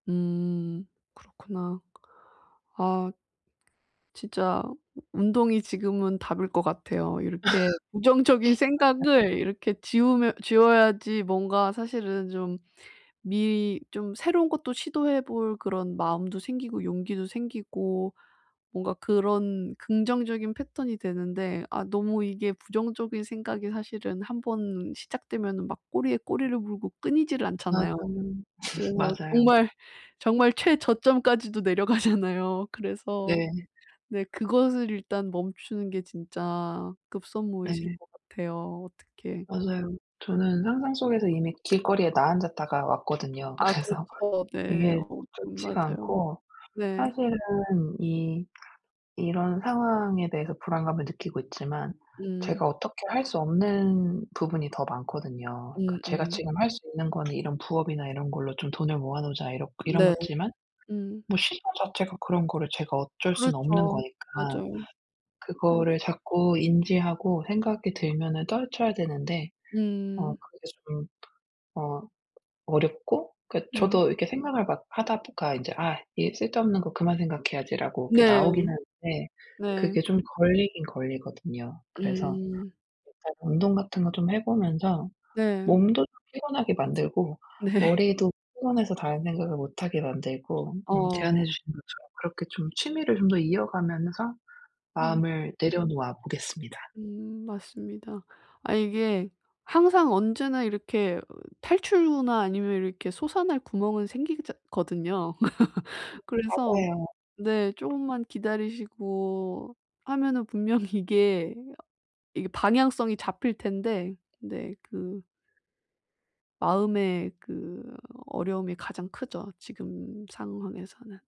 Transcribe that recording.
음 그렇구나. 아. 진짜 운동이 지금은 답일 것 같아요. 이렇게 부정적인 맞아. 생각을 이렇게 지우면 지워야지 뭔가 사실은 좀 미리 좀 새로운 것도 시도해 볼 그런 마음도 생기고 용기도 생기고 뭔가 그런 긍정적인 패턴이 되는데 아 너무 이게 부정적인 생각이 사실은 한번 시작되면은 막 꼬리에 꼬리를 물고 끊이지를 않잖아요. 맞아요. 그래서 맞아요. 정말, 정말 최저점까지도 내려가잖아요. 그래서 네. 네, 그것을 일단 멈추는 게 진짜 급선무이실 네. 것 같아요. 어떡해. 맞아요. 저는 어. 상상 속에서 이미 길거리에 나앉았다가 왔거든요. 아 그래서 그렇죠. 네. 이게 어 음 좋지가 맞아요. 않고 네. 사실은 이, 이런 상황에 대해서 불안감을 느끼고 있지만 음. 제가 어떻게 할 수 없는 부분이 더 많거든요. 그 제가 음음. 지금 할 수 있는 거는 이런 부업이나 이런 걸로 좀 돈을 모아 놓자 이렇 이런 네. 거지만 음. 뭐 시간 자체가 그런 거를 제가 어쩔 수는 없는 그렇죠. 거니까 맞아요. 네. 그거를 자꾸 인지하고 생각이 들면은 떨쳐야 되는데 어 음. 그게 좀 어 어렵고 그 음. 저도 이렇게 생각을 막 하다 보 가 인제 '아 쓸데없는 거 그만 생각해야지.'라고 이렇게 네. 나오기는 네. 네. 그게 좀 걸리긴 걸리거든요. 그래서 음. 일단 운동 같은 거 좀 해 보면서 네. 몸도 좀 피곤하게 만들고 네. 머리도 피곤해서 다른 생각을 못 하게 만들고 음 제안해 어. 주신 것처럼 그렇게 좀 취미를 좀 더 이어가면서 음. 마음을 내려놓아 보겠습니다. 음 맞습니다. 아 이게 항상 언제나 이렇게 탈출구나 아니면 이렇게 솟아날 구멍은 생기기자 거든요. 음 그래서 맞아요. 네 조금만 기다리시고 하면은 분명히 이게, 이게 방향성이 잡힐 텐데. 네, 그 마음의 그 어려움이 가장 크죠. 지금 상황에서는.